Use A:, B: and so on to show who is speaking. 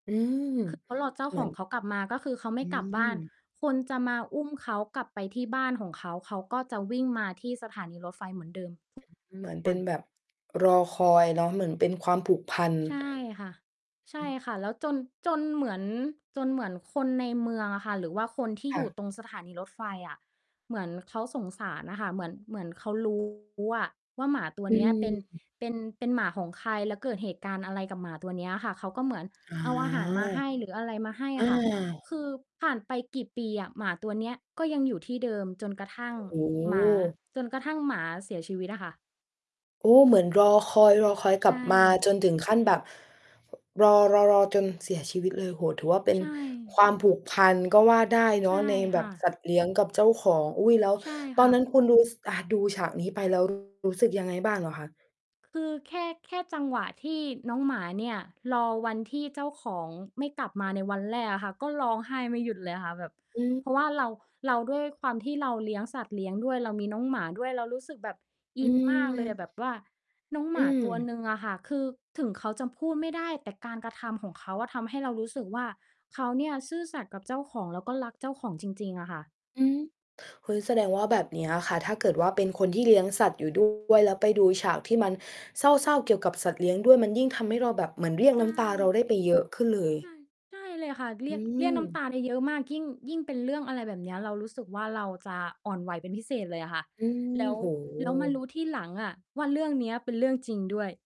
A: อืม
B: คือ เขารอเจ้า
A: เหม
B: ข
A: ือ
B: อง
A: น
B: เขากลับมา ก็คือเขาไม
A: อ
B: ่
A: ื
B: กลับบ้าน
A: ม
B: คนจะมาอุ้มเขากลับไปที่บ้านของเขา เขาก็จะวิ่งมาที่สถานีรถไฟเหมือนเดิม ท
A: มันเ
B: ุ
A: หมือน
B: ก
A: เ
B: ว
A: ป
B: ั
A: ็น
B: น
A: แบบ รอคอยเนาะ เหมือนเป็นความผูกพัน
B: ใช่ค่ะ ใช
A: อื
B: ่
A: อ
B: ค่ะ แล้ว จน จนเหมือน จนเหมือนคนในเมืองอะค่ะ หรือว่าคนที่
A: ค
B: อ
A: ่
B: ยู่
A: ะ
B: ตรงสถานีรถไฟอะ เหมือนเขาสงสารน่ะค่ะ เหมือน เหมือนเขา รู้ว่า หมาตัว
A: อื
B: เนี้ย เป็น
A: ม
B: เป็น เป็นหมาของใคร แล้วเกิดเหตุการณ์อะไรกับหมาตัวเนี้ยอะค่ะ เขาก็เหมือน
A: อา
B: เอาอาหารมาให้ หรืออะไรมาให้
A: อ
B: อะค่ะ
A: า
B: คือผ่านไปกี่ปีอะหมาตัวเนี้ย ก็ยังอยู่ที่เดิมจนกระทั่ง
A: โอ้โ
B: หมา
A: ฮ
B: จนกระทั่งหมาเสียชีวิตอะค่ะ
A: โอ้ เหมือนรอคอย รอคอยก
B: ใช
A: ลับมา
B: ่
A: จนถึงขั้นแบบ รอ ๆ ๆ จนเสียชีวิตเลย โอ้โฮ ถือว่าเป็
B: ใ
A: น
B: ช่
A: ความผูกพันก็ว่าได้เ
B: ใ
A: น
B: ช
A: าะ
B: ่
A: ในแบ
B: ค่
A: บ
B: ะ
A: สัตว์เลี้ยงกับเจ้าของ อุ๊ย แล้ว
B: ใช่
A: ต
B: ค
A: อ
B: ่
A: น
B: ะ
A: นั้นคุณดู ซ อา ดูฉากนี้ไป แล้ว รู้สึกยังไงบ้างเหรอคะ?
B: คือ แค่ แค่จังหวะที่น้องหมาเนี่ย รอวันที่เจ้าของไม่กลับมาในวันแรกอะค่ะ ก็ร้องไห้ไม่หยุดเลยค่ะ แบบ
A: อื
B: เพรา
A: ม
B: ะว่าเรา เรา ด้วยความที่เราเลี้ยงสัตว์เลี้ยงด้วย เรามีน้องหมาด้วย เรารู้สึกแบบ
A: อ
B: อ
A: ื
B: ินมากเลย
A: ม
B: อะ แบบว่าน้องห
A: อ
B: มา
A: ื
B: ตัว
A: ม
B: หนึ่งอะค่ะ คือถึงเขาจะพูดไม่ได้ แต่การกระทำของเขาอะ ทำให้เรารู้สึกว่า เขาเนี่ยซื่อสัตย์กับเจ้าของ แล้วก็รักเจ้าของจริง ๆ อะค่ะ
A: อืม เฮ้ย แสดงว่าแบบเนี้ยอะค่ะ ถ้าเกิดว่าเป็นคนที่เลี้ยงสัตว์อยู่ ด้วย แล้วไปดูฉากที่มันเศร้า ๆ เกี่ยวกับสัตว์เลี้ยงด้วย มันยิ่งทำให้เราแบบเหมือนเรียก
B: ใช
A: น้ำตาเรา
B: ่
A: ได้ไปเยอะขึ้นเลย
B: ใช่ ใช่เลยค่ะ เร
A: อ
B: ี
A: ื
B: ยก เรียกน้ำต
A: ม
B: าได้เยอะมาก ยิ่ง ยิ่งเป็นเรื่องอะไรแบบเนี้ย เรารู้สึกว่าเราจะอ่อนไหวเป็นพิเศษเลยอะค่ะ
A: อื
B: แล
A: ม
B: ้ว
A: โอ้โ
B: แล้วมารู
A: ฮ
B: ้ทีหลังอะว่า เรื่องเนี้ยเป็นเรื่องจริงด้วย